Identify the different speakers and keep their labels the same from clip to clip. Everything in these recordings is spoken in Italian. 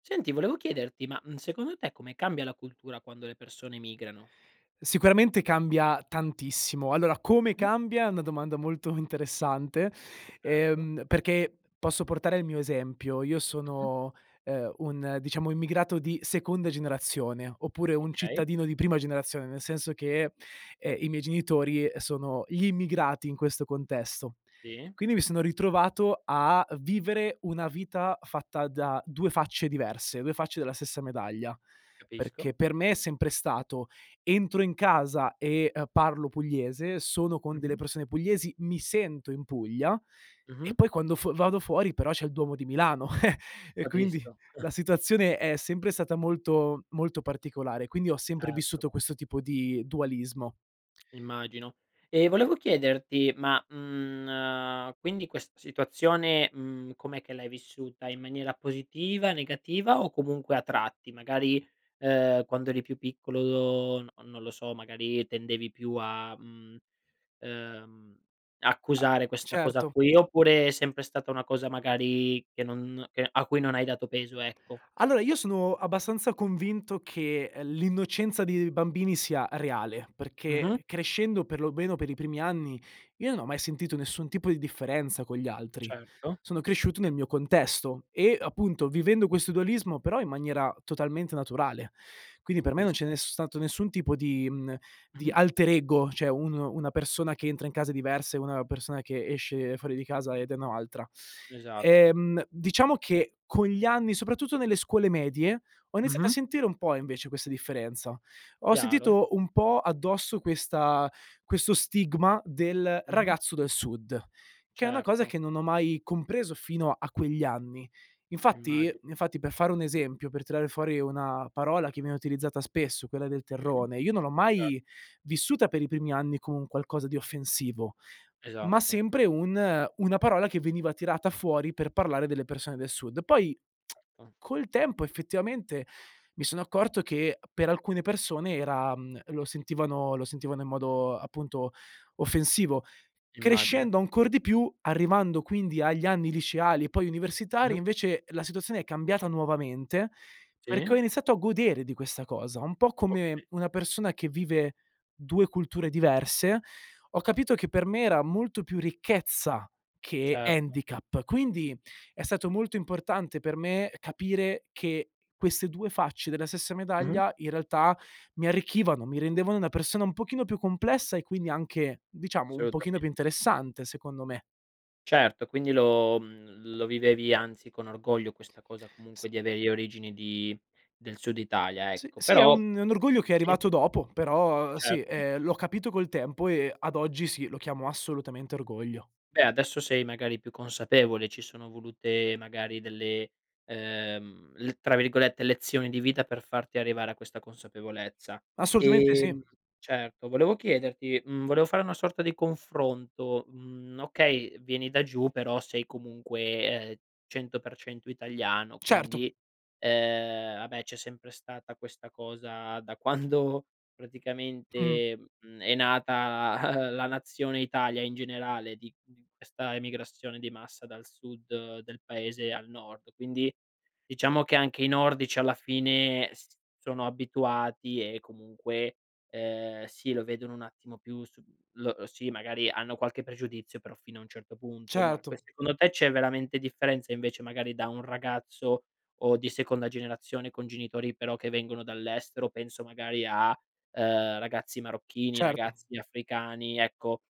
Speaker 1: Senti, volevo chiederti, ma, mhmm, secondo te, come cambia la cultura quando le persone migrano?
Speaker 2: Sicuramente cambia tantissimo. Allora, come
Speaker 1: Mh.
Speaker 2: cambia è una domanda molto interessante,
Speaker 1: Erto.
Speaker 2: ehm, perché posso portare il mio esempio: io
Speaker 1: Mh-mh.
Speaker 2: sono, ehm, un, diciamo, immigrato di seconda generazione oppure un
Speaker 1: Okay.
Speaker 2: cittadino di prima generazione, nel senso che, ehm, i miei genitori sono gli immigrati in questo contesto.
Speaker 1: Sì.
Speaker 2: Quindi mi sono ritrovato a vivere una vita fatta da 2 facce diverse, 2 facce della stessa medaglia.
Speaker 1: Capisco.
Speaker 2: Perché per me è sempre stato: entro in casa e, ehm, parlo pugliese, sono con delle
Speaker 1: Mh-mh.
Speaker 2: persone pugliesi, mi sento in Puglia, e
Speaker 1: Mh-mh.
Speaker 2: poi quando f vado fuori però c'è il Duomo di Milano e quindi
Speaker 1: Capisco.
Speaker 2: la situazione è sempre stata molto, molto particolare, quindi ho sempre
Speaker 1: Erto.
Speaker 2: vissuto questo tipo di dualismo.
Speaker 1: Immagino. E volevo chiederti: ma, mhmm, quindi questa situazione, mhmm, com'è che l'hai vissuta? In maniera positiva, negativa o comunque a tratti? Magari, ehm, quando eri più piccolo, n non lo so, magari tendevi più a, mhmm, ehm,
Speaker 2: A
Speaker 1: accusare questa cosa
Speaker 2: certo.
Speaker 1: qui, oppure è sempre stata una cosa magari che non che a cui non hai dato peso, ecco.
Speaker 2: Allora, io sono abbastanza convinto che, ehm, l'innocenza di bambini sia reale, perché,
Speaker 1: Mh-mh.
Speaker 2: crescendo, per lo meno per i primi anni, io non ho mai sentito nessun tipo di differenza con gli altri.
Speaker 1: Certo.
Speaker 2: Sono cresciuto nel mio contesto e, appunto, vivendo questo dualismo, però in maniera totalmente naturale. Quindi per me non c'è
Speaker 1: Capisco.
Speaker 2: nes stato nessun tipo di mhmm, di
Speaker 1: Mh-mh.
Speaker 2: alterego, cioè un una persona che entra in casa è diversa e una persona che esce fuori di casa ed è o n'altra.
Speaker 1: Esatto.
Speaker 2: Ehm, diciamo che, con gli anni, soprattutto nelle scuole medie, ho iniziato a
Speaker 1: Mh-mh.
Speaker 2: sentire un po' invece questa differenza. Ho
Speaker 1: Chiaro.
Speaker 2: sentito un po' addosso questa questo stigma del
Speaker 1: Mh-mh.
Speaker 2: ragazzo del sud, che è una cosa
Speaker 1: Certo.
Speaker 2: che non ho mai compreso fino a quegli anni. Infatti
Speaker 1: Immagi
Speaker 2: infatti per fare un esempio, per tirare fuori una parola che viene utilizzata spesso, quella del
Speaker 1: Mh-mh.
Speaker 2: terrone, io non l'ho
Speaker 1: Cer
Speaker 2: mai vissuta per i primi anni come un qualcosa di offensivo, ma
Speaker 1: Esatto.
Speaker 2: sempre un una parola che veniva tirata fuori per parlare delle persone del sud. Poi
Speaker 1: Ah.
Speaker 2: col tempo, effettivamente, mi sono accorto che per alcune persone era mhmm, lo sentivano lo sentivano in modo, appunto, offensivo,
Speaker 1: Immagino.
Speaker 2: crescendo ancor di più, arrivando quindi agli anni liceali e poi universitari,
Speaker 1: Mh-mh.
Speaker 2: invece la situazione è cambiata nuovamente,
Speaker 1: Sì?
Speaker 2: perché ho iniziato a godere di questa cosa, un po' come
Speaker 1: Okay.
Speaker 2: una persona che vive 2 culture diverse. Ho capito che per me era molto più ricchezza che
Speaker 1: Certo.
Speaker 2: handicap, quindi è stato molto importante per me capire che queste 2 facce della stessa
Speaker 1: Mh-mh.
Speaker 2: medaglia, in realtà, mi arricchivano, mi rendevano una persona un pochino più complessa e quindi anche, diciamo, un pochino più
Speaker 1: Assolutamente.
Speaker 2: interessante, secondo me.
Speaker 1: Certo, quindi lo mhmm, lo vivevi, anzi, con orgoglio questa cosa
Speaker 2: S
Speaker 1: comunque di avere le origini di del Sud Italia,
Speaker 2: S
Speaker 1: ecco.
Speaker 2: sì, è
Speaker 1: Però
Speaker 2: un è un orgoglio che è
Speaker 1: sì?
Speaker 2: arrivato dopo, però sì,
Speaker 1: Certo.
Speaker 2: ehm, l'ho capito col tempo e ad oggi sì, lo chiamo assolutamente orgoglio.
Speaker 1: Beh, adesso sei magari più consapevole. Ci sono volute magari delle ehm, l tra virgolette "lezioni di vita" per farti arrivare a questa consapevolezza.
Speaker 2: Assolutamente sì.
Speaker 1: Ehm, certo, volevo chiederti mhmm, volevo fare una sorta di confronto, mhmm, okay, vieni da giù però sei comunque, ehm, 100% italiano,
Speaker 2: Certo.
Speaker 1: quindi, ehm, vabbè, c'è sempre stata questa cosa da quando
Speaker 2: Mh.
Speaker 1: praticamente, mhmm, è nata la nazione Italia in generale di questa emigrazione di massa dal sud del paese al nord, quindi, diciamo che anche i nordici alla fine s sono abituati e comunque, ehm, sì, lo vedono un attimo più su l lo sì, magari hanno qualche pregiudizio, però fino a un certo punto. Ma
Speaker 2: Certo.
Speaker 1: que secondo te, c'è veramente differenza invece magari da un ragazzo, o di seconda generazione con genitori però che vengono dall'estero? Penso magari a, ehm, ragazzi marocchini,
Speaker 2: Certo.
Speaker 1: ragazzi africani, ecco.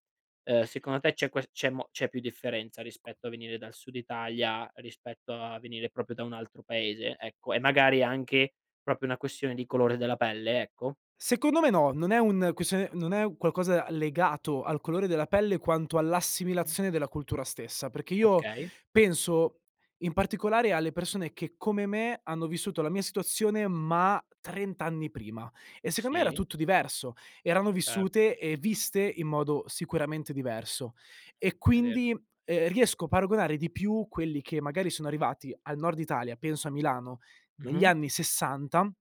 Speaker 1: Ehm, secondo te c'è ques c'è mo c'è più differenza rispetto a venire dal Sud Italia, rispetto a venire proprio da un altro paese? Ecco, e magari anche proprio una questione di colore della pelle, ecco?
Speaker 2: Secondo me no, non è un questione non è qualcosa legato al colore della pelle quanto all'assimilazione della cultura stessa perché io
Speaker 1: Okay.
Speaker 2: penso, in particolare, alle persone che come me hanno vissuto la mia situazione, ma 30 anni prima e, secondo me, era
Speaker 1: Sì.
Speaker 2: tutto diverso; erano
Speaker 1: Cer
Speaker 2: vissute e viste in modo sicuramente diverso. E,
Speaker 1: È vero.
Speaker 2: quindi, ehm, riesco a paragonare di più quelli che magari sono arrivati al Nord Italia, penso a Milano negli
Speaker 1: Mh-mh.
Speaker 2: anni '60,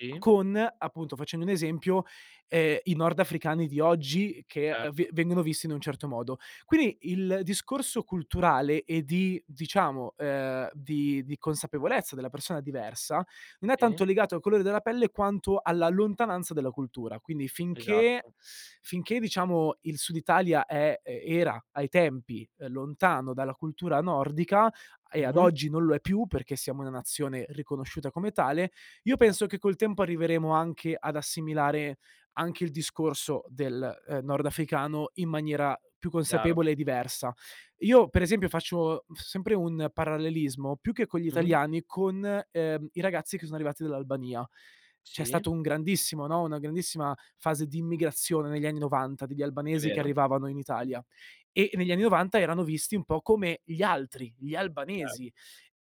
Speaker 1: I?
Speaker 2: con, appunto, facendo un esempio, ehm, i nordafricani di oggi che, ehm, ve
Speaker 1: Certo.
Speaker 2: vengono visti in un certo modo. Quindi il discorso culturale e di diciamo, ehm, di di consapevolezza della persona diversa, non è
Speaker 1: I?
Speaker 2: tanto legato al colore della pelle, quanto alla lontananza della cultura. Quindi finché
Speaker 1: Esatto.
Speaker 2: finché diciamo il Sud Italia è era ai tempi, lontano dalla cultura nordica, e ad
Speaker 1: Mh-mh.
Speaker 2: oggi non lo è più perché siamo una nazione riconosciuta come tale, io penso
Speaker 1: Erto.
Speaker 2: che col tempo arriveremo anche ad assimilare anche il discorso del, ehm, nordafricano in maniera più
Speaker 1: Chiaro.
Speaker 2: consapevole e diversa. Io, per esempio, faccio sempre un parallelismo più che con gli
Speaker 1: Mh-mh.
Speaker 2: italiani, con, ehm, i ragazzi che sono arrivati dall'Albania. C'è
Speaker 1: Sì?
Speaker 2: stato un grandissimo no, una grandissima fase di immigrazione negli anni '90, degli
Speaker 1: È
Speaker 2: albanesi che
Speaker 1: vero.
Speaker 2: arrivavano in Italia; e negli anni '90 erano visti un po' come gli altri, gli
Speaker 1: Cer
Speaker 2: albanesi.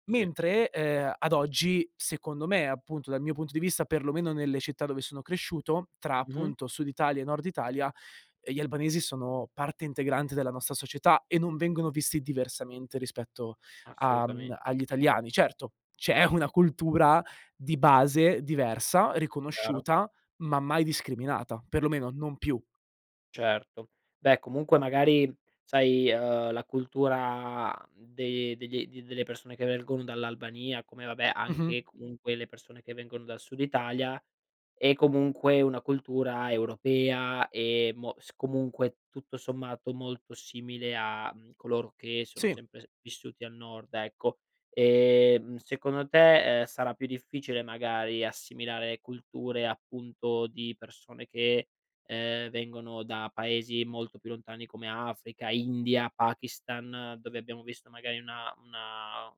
Speaker 1: sì.
Speaker 2: Mentre, ehm, ad oggi, secondo me, appunto, dal mio punto di vista, per lo meno nelle città dove sono cresciuto, tra,
Speaker 1: Mh-mh.
Speaker 2: appunto, Sud Italia e Nord Italia, ehm, gli albanesi sono parte integrante della nostra società e non vengono visti diversamente rispetto, a mhmm,
Speaker 1: Assolutamen
Speaker 2: agli italiani. Certo, c'è una cultura di base diversa,
Speaker 1: Chiaro.
Speaker 2: riconosciuta, ma mai discriminata, per lo meno non più.
Speaker 1: Certo, beh, comunque, magari, sai, ehm, la cultura de degli delle persone che vengono dall'Albania come, vabbè,
Speaker 2: Mh-mh.
Speaker 1: anche comunque le persone che vengono dal Sud Italia, è comunque una cultura europea e mo s comunque, tutto sommato, molto simile a, mhmm, coloro che sono
Speaker 2: Sì.
Speaker 1: sempre vissuti al Nord ecco. Ehm, secondo te, ehm, sarà più difficile magari assimilare culture, appunto ,di persone che, ehm, vengono da paesi molto più lontani come Africa, India, Pakistan, dove abbiamo visto magari una una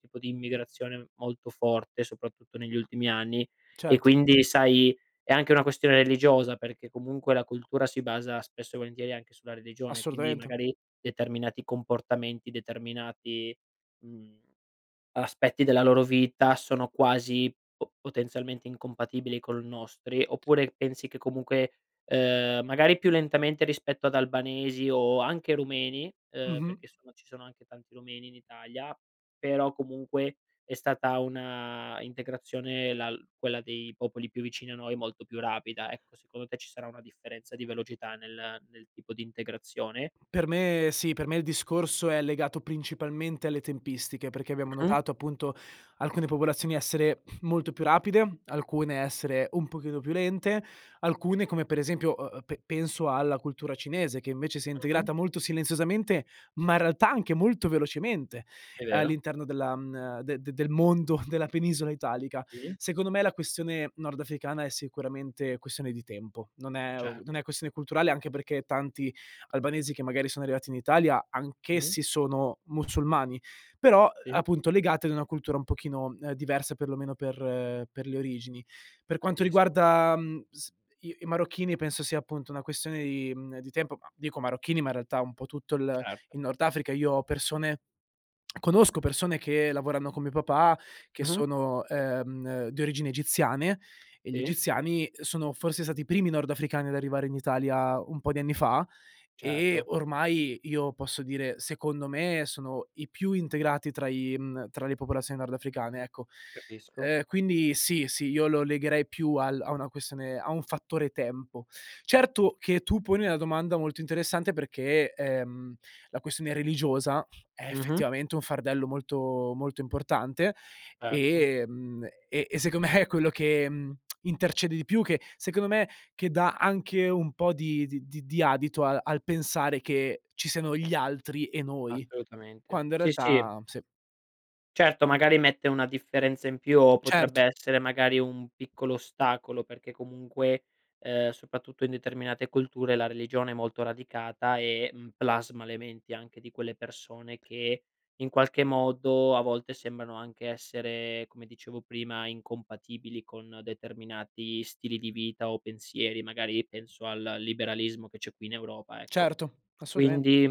Speaker 1: tipo di immigrazione molto forte, soprattutto negli ultimi anni. E
Speaker 2: Certo.
Speaker 1: quindi, sai, è anche una questione religiosa, perché comunque la cultura si basa spesso e volentieri anche sulla religione, quindi
Speaker 2: Assolutamente.
Speaker 1: magari determinati comportamenti, determinati, mhmm, aspetti della loro vita sono quasi po potenzialmente incompatibili con i nostri. Oppure pensi che comunque, ehm, magari più lentamente rispetto ad albanesi o anche rumeni, ehm,
Speaker 2: Mh-mh.
Speaker 1: perché sono ci sono anche tanti rumeni in Italia, però comunque è stata una integrazione la quella dei popoli più vicini a noi, molto più rapida, ecco, secondo te, ci sarà una differenza di velocità nel nel tipo di integrazione?
Speaker 2: Per me sì, per me il discorso è legato principalmente alle tempistiche, perché abbiamo
Speaker 1: Mh-mh.
Speaker 2: notato, appunto, alcune popolazioni essere molto più rapide, alcune
Speaker 1: Certo.
Speaker 2: essere un pochino più lente, alcune come per esempio ehm, pe penso alla cultura cinese che invece si è
Speaker 1: Mh-mh.
Speaker 2: integrata molto silenziosamente, ma in realtà anche molto velocemente,
Speaker 1: È vero.
Speaker 2: all'interno della mhmm, de de del mondo della penisola italica.
Speaker 1: I?
Speaker 2: Secondo me, la questione nordafricana è sicuramente questione di tempo. Non è
Speaker 1: Cer
Speaker 2: non è questione culturale anche perché tanti albanesi che magari sono arrivati in Italia,
Speaker 1: Mh-mh.
Speaker 2: anch'essi sono musulmani, però,
Speaker 1: Sì?
Speaker 2: appunto, legati ad una cultura un pochino diversa perlomeno per per le origini. Per quanto
Speaker 1: Capisco.
Speaker 2: riguarda, mhmm, s i i marocchini penso sia, appunto, una questione di mhmm, di tempo, ma dico marocchini, ma in realtà un po' tutto il
Speaker 1: Certo.
Speaker 2: il Nord Africa. Io ho persone conosco persone che lavorano con mio papà, che
Speaker 1: Mh-mh.
Speaker 2: sono, ehm, di origini egiziane, e gli
Speaker 1: E?
Speaker 2: egiziani sono forse stati i primi nordafricani ad arrivare in Italia un po' di anni fa. E
Speaker 1: Certo.
Speaker 2: ormai io posso dire, secondo me, sono i più integrati tra i mhmm, tra le popolazioni nordafricane, ecco.
Speaker 1: Capisco.
Speaker 2: Ehm, quindi sì, sì, io lo legherei più al a una questione a un fattore tempo. Certo che tu poni una domanda molto interessante perché, ehm, la questione religiosa è
Speaker 1: Mh-mh.
Speaker 2: effettivamente un fardello molto, molto importante,
Speaker 1: Erto.
Speaker 2: e mhmm, e e secondo me, è quello che, mhmm, intercede di più, che secondo me che dà anche un po' di di di di adito a al pensare che ci siano gli altri e noi,
Speaker 1: Assolutamente.
Speaker 2: quando in
Speaker 1: Sì, sì.
Speaker 2: realtà sì.
Speaker 1: Certo, magari mette una differenza in più o
Speaker 2: Certo.
Speaker 1: potrebbe essere magari un piccolo ostacolo, perché comunque, ehm, soprattutto in determinate culture, la religione è molto radicata e, mhmm, plasma le menti anche di quelle persone che, in qualche modo a volte sembrano anche essere, come dicevo prima, incompatibili con determinati stili di vita o pensieri, magari penso al liberalismo che c'è qui in Europa, ecco.
Speaker 2: Certo, assolutamen
Speaker 1: Quindi,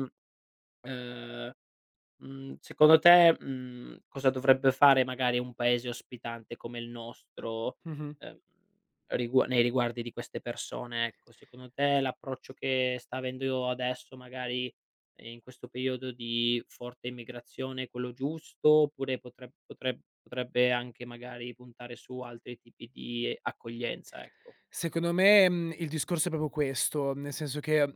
Speaker 1: ehm, mhmm, secondo te, mhmm, cosa dovrebbe fare magari un paese ospitante come il nostro,
Speaker 2: Mh-mh.
Speaker 1: ehm, rigua nei riguardi di queste persone, ecco, secondo te l'approccio che sta avendo adesso magari in questo periodo di forte immigrazione è quello giusto, oppure potre potre potrebbe anche magari puntare su altri tipi di accoglienza, ecco.
Speaker 2: Secondo me, mhmm, il discorso è proprio questo, nel senso che,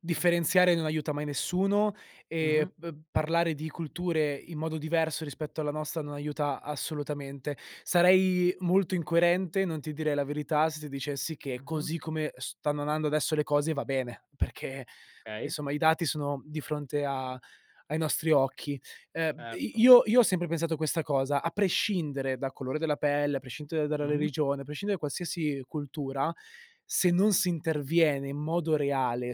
Speaker 2: differenziare non aiuta mai nessuno
Speaker 1: Mh-mh.
Speaker 2: e b parlare di culture in modo diverso rispetto alla nostra non aiuta assolutamente. Sarei molto incoerente, non ti direi la verità se ti dicessi che
Speaker 1: Mh-mh.
Speaker 2: così come stanno andando adesso le cose va bene, perché
Speaker 1: Okay.
Speaker 2: insomma i dati sono di fronte a ai nostri occhi. Ehm i
Speaker 1: Certo.
Speaker 2: io io ho sempre pensato questa cosa: a prescindere dal colore della pelle, a prescindere dalla
Speaker 1: Mh-mh.
Speaker 2: religione, a prescindere da qualsiasi cultura, se non si interviene in modo reale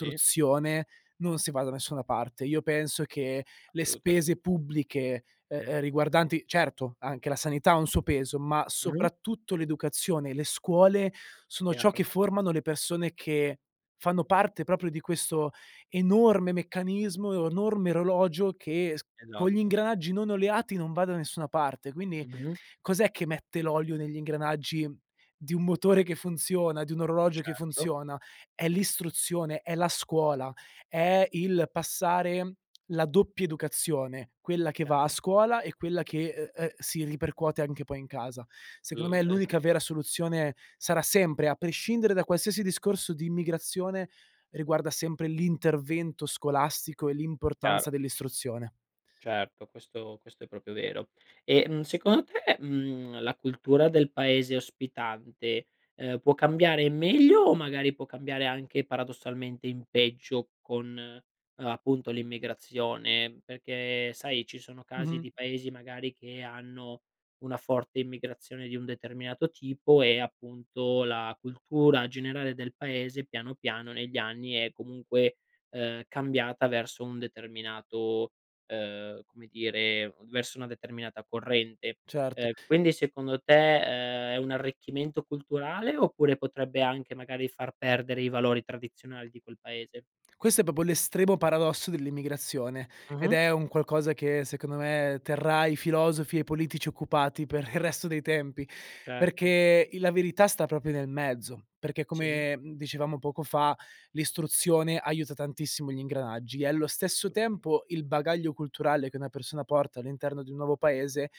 Speaker 1: Sì.
Speaker 2: non si va da nessuna parte. Io penso che le spese
Speaker 1: Assolutamen
Speaker 2: pubbliche, e ehm, riguardanti certo, anche la sanità ha un suo peso, ma
Speaker 1: Mh.
Speaker 2: soprattutto l'educazione e le scuole sono ciò che
Speaker 1: Chiaro.
Speaker 2: formano le persone che fanno parte proprio di questo enorme meccanismo e enorme orologio che s con gli
Speaker 1: Esatto.
Speaker 2: ingranaggi non oleati non va da nessuna parte. Quindi,
Speaker 1: Mh-mh.
Speaker 2: cos'è che mette l'olio negli ingranaggi di un motore che funziona, di un orologio che
Speaker 1: Certo.
Speaker 2: funziona: è l'istruzione, è la scuola, è il passare, la doppia educazione, quella che va a
Speaker 1: Chiaro.
Speaker 2: scuola e quella che, ehm, ehm, si ripercuote anche poi in casa. Secondo me
Speaker 1: Uhm, esa
Speaker 2: l'unica vera soluzione sarà sempre, a prescindere da qualsiasi discorso di immigrazione, riguarda sempre l'intervento scolastico e
Speaker 1: Chiaro.
Speaker 2: l'importanza dell'istruzione.
Speaker 1: Certo, questo questo è proprio vero. E, mhmm, secondo te, mhmm, la cultura del paese ospitante, ehm, può cambiare in meglio o magari può cambiare anche paradossalmente in peggio con, ehm, appunto, l'immigrazione, perché sai ci sono casi
Speaker 2: Mh-mh.
Speaker 1: di paesi magari che hanno una forte immigrazione di un determinato tipo e appunto la cultura generale del paese, piano piano negli anni è comunque, ehm, cambiata verso un determinato, ehm, come dire verso una determinata corrente.
Speaker 2: Certo.
Speaker 1: Ehm, quindi secondo te, ehm, è un arricchimento culturale oppure potrebbe anche magari far perdere i valori tradizionali di quel paese?
Speaker 2: Questo è proprio l'estremo paradosso dell'immigrazione ed
Speaker 1: Mh-mh.
Speaker 2: è un qualcosa che secondo me terrà i filosofi e i politici occupati per il resto dei tempi,
Speaker 1: Certo.
Speaker 2: perché il la verità sta proprio nel mezzo. Perché
Speaker 1: Sì.
Speaker 2: come, mhmm, dicevamo poco fa, l'istruzione aiuta tantissimo gli ingranaggi e allo stesso
Speaker 1: Total
Speaker 2: tempo il bagaglio culturale che una persona porta all'interno di un nuovo paese,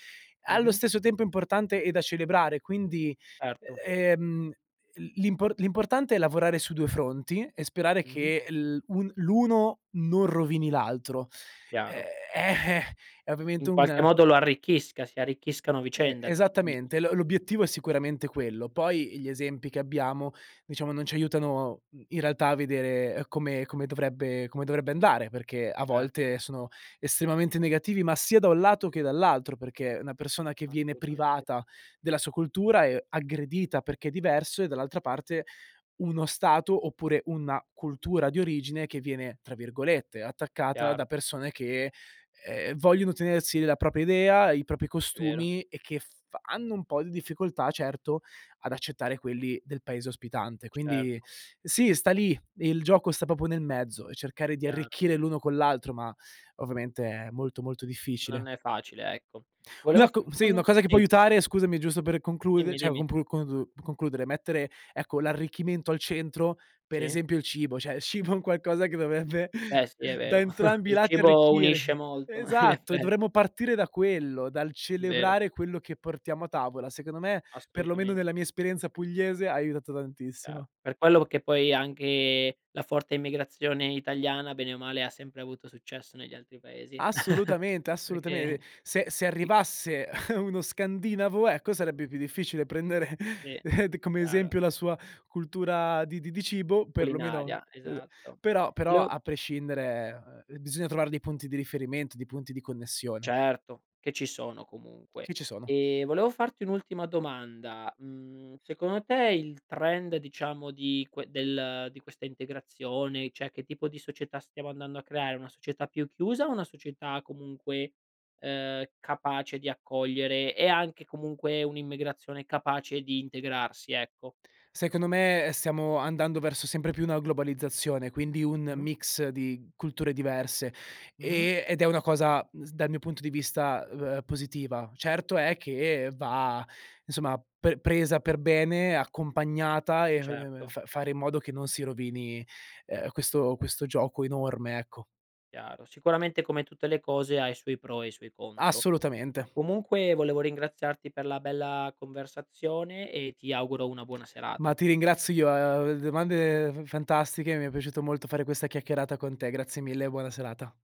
Speaker 2: allo
Speaker 1: Mh-mh.
Speaker 2: stesso tempo è importante e da celebrare, quindi,
Speaker 1: Erto.
Speaker 2: ehm, l l'impo l'importante è lavorare su due fronti e sperare
Speaker 1: Mh-mh.
Speaker 2: che l un l'uno non rovini l'altro, ehm,
Speaker 1: Chiaro.
Speaker 2: eh-eh, è ovviamente
Speaker 1: In
Speaker 2: un
Speaker 1: qualche modo lo arricchisca, si arricchiscano a
Speaker 2: Ehm,
Speaker 1: vicenda dici dic
Speaker 2: esattamente, lo l'obiettivo è sicuramente quello, poi gli esempi che abbiamo, diciamo non ci aiutano, uhm, in realtà a vedere, ehm, come come dovrebbe come dovrebbe andare perché a
Speaker 1: Certo.
Speaker 2: volte sono estremamente negativi, ma sia da un lato che dall'altro, perché una persona che viene
Speaker 1: Assolutamente.
Speaker 2: privata della sua cultura è aggredita perché è diverso e dall'altra parte, uno stato oppure una cultura di origine che viene tra virgolette, "attaccata" da
Speaker 1: Chiaro.
Speaker 2: persone che, ehm, vogliono tenersi la propria idea, i propri
Speaker 1: Vero.
Speaker 2: costumi e che f hanno un po' di difficoltà certo, ad accettare quelli del paese ospitante. Quindi
Speaker 1: Certo.
Speaker 2: sì, sta lì, il gioco sta proprio nel mezzo e cercare di
Speaker 1: Piano.
Speaker 2: arricchire l'uno con l'altro, ma ovviamente è molto, molto difficile.
Speaker 1: Non è facile. Ecco, volevo
Speaker 2: Una co
Speaker 1: farti
Speaker 2: sì,
Speaker 1: un
Speaker 2: una
Speaker 1: ul
Speaker 2: cosa che può
Speaker 1: sì.
Speaker 2: aiutare, scusami, è giusto per conclude
Speaker 1: Dimmi,
Speaker 2: cioè
Speaker 1: dimmi.
Speaker 2: complu congu concludere, mettere ecco l'arricchimento al centro, per
Speaker 1: Sì.
Speaker 2: esempio il cibo. Cioè il cibo è un qualcosa che dovrebbe
Speaker 1: Beh, sì, è
Speaker 2: da
Speaker 1: vero.
Speaker 2: entrambi i
Speaker 1: Il
Speaker 2: lati
Speaker 1: cibo
Speaker 2: arricchire.
Speaker 1: unisce molto in
Speaker 2: Esatto, e
Speaker 1: effe
Speaker 2: dovremmo partire da quello, dal
Speaker 1: È vero.
Speaker 2: celebrare quello che portiamo a tavola, secondo me, per lo meno
Speaker 1: Assolutamen
Speaker 2: nella mia esperienza pugliese, ha aiutato tantissimo.
Speaker 1: Chiaro. Per quello che poi è anche la forte immigrazione italiana bene o male ha sempre avuto successo negli altri paesi.
Speaker 2: Assolutamente, assolutamen ehm,
Speaker 1: Perché
Speaker 2: se se
Speaker 1: sì.
Speaker 2: arrivasse uno scandinavo ecco sarebbe più difficile prendere
Speaker 1: Sì,
Speaker 2: d come
Speaker 1: chiaro.
Speaker 2: esempio la sua cultura di di di cibo, per lo meno,
Speaker 1: Culinaria,
Speaker 2: ehm
Speaker 1: esatto.
Speaker 2: però però
Speaker 1: Volevo
Speaker 2: a prescindere, ehm, bisogna trovare dei punti di riferimento, dei punti di connessione.
Speaker 1: Certo, che ci sono comunque.
Speaker 2: Che ci sono.
Speaker 1: Ehm, volevo farti un'ultima domanda, mhmm, secondo te il trend diciamo di que del di questa integrazione, cioè che tipo di società stiamo andando a creare: una società più chiusa o una società comunque, ehm, capace di accogliere e anche comunque un'immigrazione capace di integrarsi, ecco?
Speaker 2: Secondo me stiamo andando verso sempre più una globalizzazione, quindi un
Speaker 1: Mh-mh.
Speaker 2: mix di culture diverse,
Speaker 1: Mh-mh.
Speaker 2: ehm, ed è una cosa, uhm, s dal mio punto di vista, ehm, positiva. Certo è che va, insomma, pe presa per bene, accompagnata e [unintelligible]
Speaker 1: Certo.
Speaker 2: fa fare in modo che non si rovini, ehm, questo questo gioco enorme, ecco.
Speaker 1: Chiaro, sicuramente come tutte le cose ha i suoi pro e i suoi contro.
Speaker 2: Assolutamente.
Speaker 1: Comunque volevo ringraziarti per la bella conversazione e ti auguro una buona
Speaker 2: Ma
Speaker 1: serata.
Speaker 2: ti ringrazio io, ehm, domande f fantastiche, mi è piaciuto molto fare questa chiacchierata con te, grazie mille e buona serata.